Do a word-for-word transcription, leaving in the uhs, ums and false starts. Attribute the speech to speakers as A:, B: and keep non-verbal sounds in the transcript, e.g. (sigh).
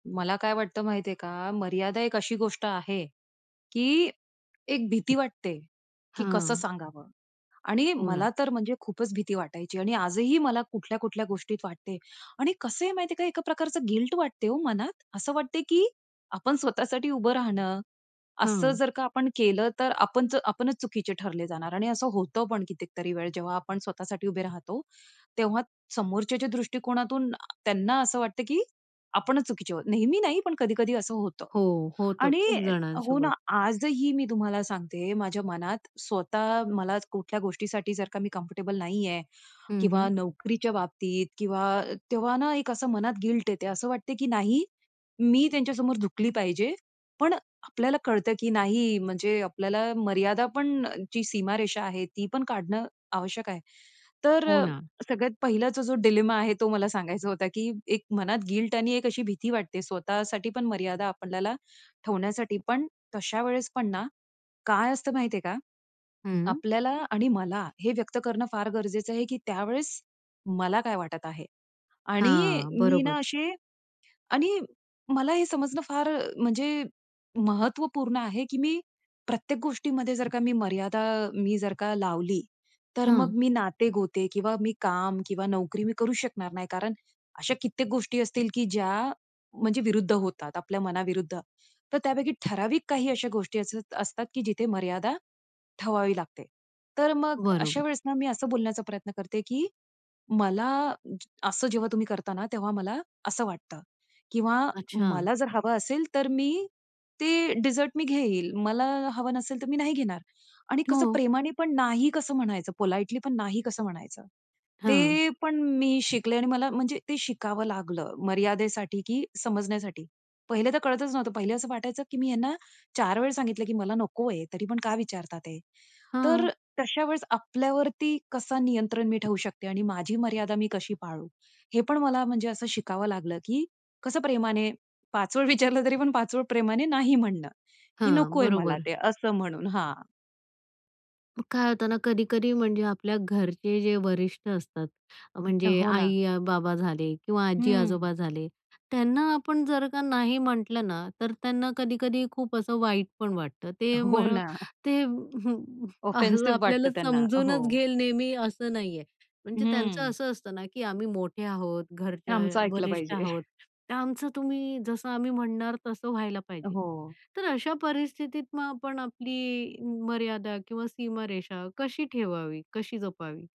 A: मला काय वाटतं माहितीये का? मर्यादा एक अशी गोष्ट आहे, की एक भीती वाटते, की कसं
B: हां.
A: सांगावं आणि
B: हो
A: मला
B: ना.
A: तर म्हणजे खूपच भीती वाटायची आणि आजही मला कुठल्या-कुठल्या गोष्टीत वाटते. आणि कसं आहे माहिती आहे का? एका प्रकारचं गिल्ट वाटते हो मनात. असं वाटते, की आपण स्वतःसाठी उभं राहणं असं
B: हां.
A: जर का आपण केलं, तर आपण आपणच चुकीचे ठरले जाणार. आणि असं होतं पण कितीतरी वेळ जेव्हा आपण स्वतःसाठी उभे राहतो. तेव्हा समोरच्याच्या दृष्टिकोनातून अ, त्यांना असं वाटतं, की आपणच चुकीचे आहोत. नेहमी नाही पण कधी-कधी असं होतं
B: हो, होतं
A: आणि
B: खूप
A: हो ना,
B: जणांसोबत.
A: आजही मी तुम्हाला सांगते माझ्या मनात स्वतः मला कुठल्या गोष्टीसाठी जर का मी कम्फर्टेबल नाही आहे
B: हं,
A: किंवा
B: हं.
A: नोकरीच्या बाबतीत किंवा तेव्हा ना एक असं मनात गिल्ट येते. असं वाटते, की नाही मी त्यांच्यासमोर झुकली पाहिजे. पण आपल्याला कळतं, की नाही म्हणजे आपल्याला मर्यादाची पण जी सीमारेषा आहे, ती पण काढणं आवश्यक आहे. तर
B: हो
A: अ,
B: ना.
A: सगळ्यात पहिलाचा जो डिलेमा आहे तो मला सांगायचा होता, की एक मनात गिल्ट आणि एक अशी भीती वाटते स्वतःसाठी पण मर्यादा आपल्याला ठेवण्यासाठी. पण तशा वेळेस पण ना, काय असतं माहितीये का?
B: हं.
A: आपल्याला आणि मला हे व्यक्त करणं फार गरजेचं आहे, की त्यावेळेस, मला काय वाटत आहे? आणि
B: हां,
A: मी ना
B: बरोबर.
A: अशी आणि मला हे समजणं फार अ, म्हणजे महत्त्वपूर्ण आहे, की मी प्रत्येक गोष्टीमध्ये जर का मी मर्यादा मी जर का लावली तर मग
B: हां.
A: मी नाते-गोते किंवा मी काम किंवा नोकरी मी करू शकणार नाही. कारण अशा कित्येक गोष्टी असतील, की ज्या म्हणजे विरुद्ध होतात आपल्या मनाविरुद्ध. तर त्यापैकी ठराविक काही अशा गोष्टी अस असतात, की जिथे मर्यादा ठेवावी लागते. तर मग अशा
B: बरोबर.
A: वेळेस ना मी असं बोलण्याचा प्रयत्न करते, की मला असं जेव्हा तुम्ही करता ना, तेव्हा मला असं वाटतं. किंवा
B: अच्छा!
A: मला जर हवं असेल तर मी ते डेझर्ट मी घेईल. मला हवं नसेल तर मी नाही घेणार. आणि कसं
B: हो.
A: प्रेमाने पण नाही कसं म्हणायचं? पोलाईटली पण नाही कसं म्हणायचं?
B: हां.
A: ते पण मी शिकले आणि मला म्हणजे ते शिकावं लागलं, मर्यादेसाठी की समजण्यासाठी. पहिले तर कळतच नव्हतं. पहिले असं वाटायचं, की मी यांना चार वेळा सांगितलं, की मला नको आहे, तरी पण का विचारतात हे? तर
B: हां.
A: तशा वेळेस आपल्यावरती कसं नियंत्रण मी ठेवू शकते आणि माझी मर्यादा मी कशी पाळू? हे पण मला म्हणजे असं शिकावं लागलं, की कसं प्रेमाने पाचवळ विचारलं तरी पण पाचवळ प्रेमाने नाही म्हणणं की
B: हां,
A: नकोय मला
B: बरोबर.
A: ते असं म्हणून हां.
B: मग काय होतं ना, कधी-कधी म्हणजे आपल्या घरचे जे वरिष्ठ असतात, म्हणजे
A: हो ना.
B: आई-बाबा झाले किंवा
A: हं.
B: आजी-आजोबा झाले. त्यांना आपण जर का नाही म्हटलं ना, तर त्यांना कधी-कधी खूप असं वाईट पण वाटतं. ते
A: हो
B: म
A: ना.
B: ते हं, हं, अ
A: ऑफेन्सिव्ह वाटतं
B: आपल्याला
A: त्यांना, हो.
B: समजूनच घेईल नेहमी असं नाही आहे. म्हणजे त्यांचं
A: हं.
B: असं असतं ना, की आम्ही मोठे आहोत, घरच्या अ,
A: आमचं ऐकलं
B: वरिष्ठ
A: पाहिजे.
B: आहोत
A: (chuckles)
B: तर आमचं तुम्ही जसं आम्ही म्हणणार तसं व्हायला पाहिजे.
A: हो.
B: तर अशा परिस्थितीत मग आपण आपली मर्यादा किंवा सीमारेषा कशी ठेवावी? कशी जपावी?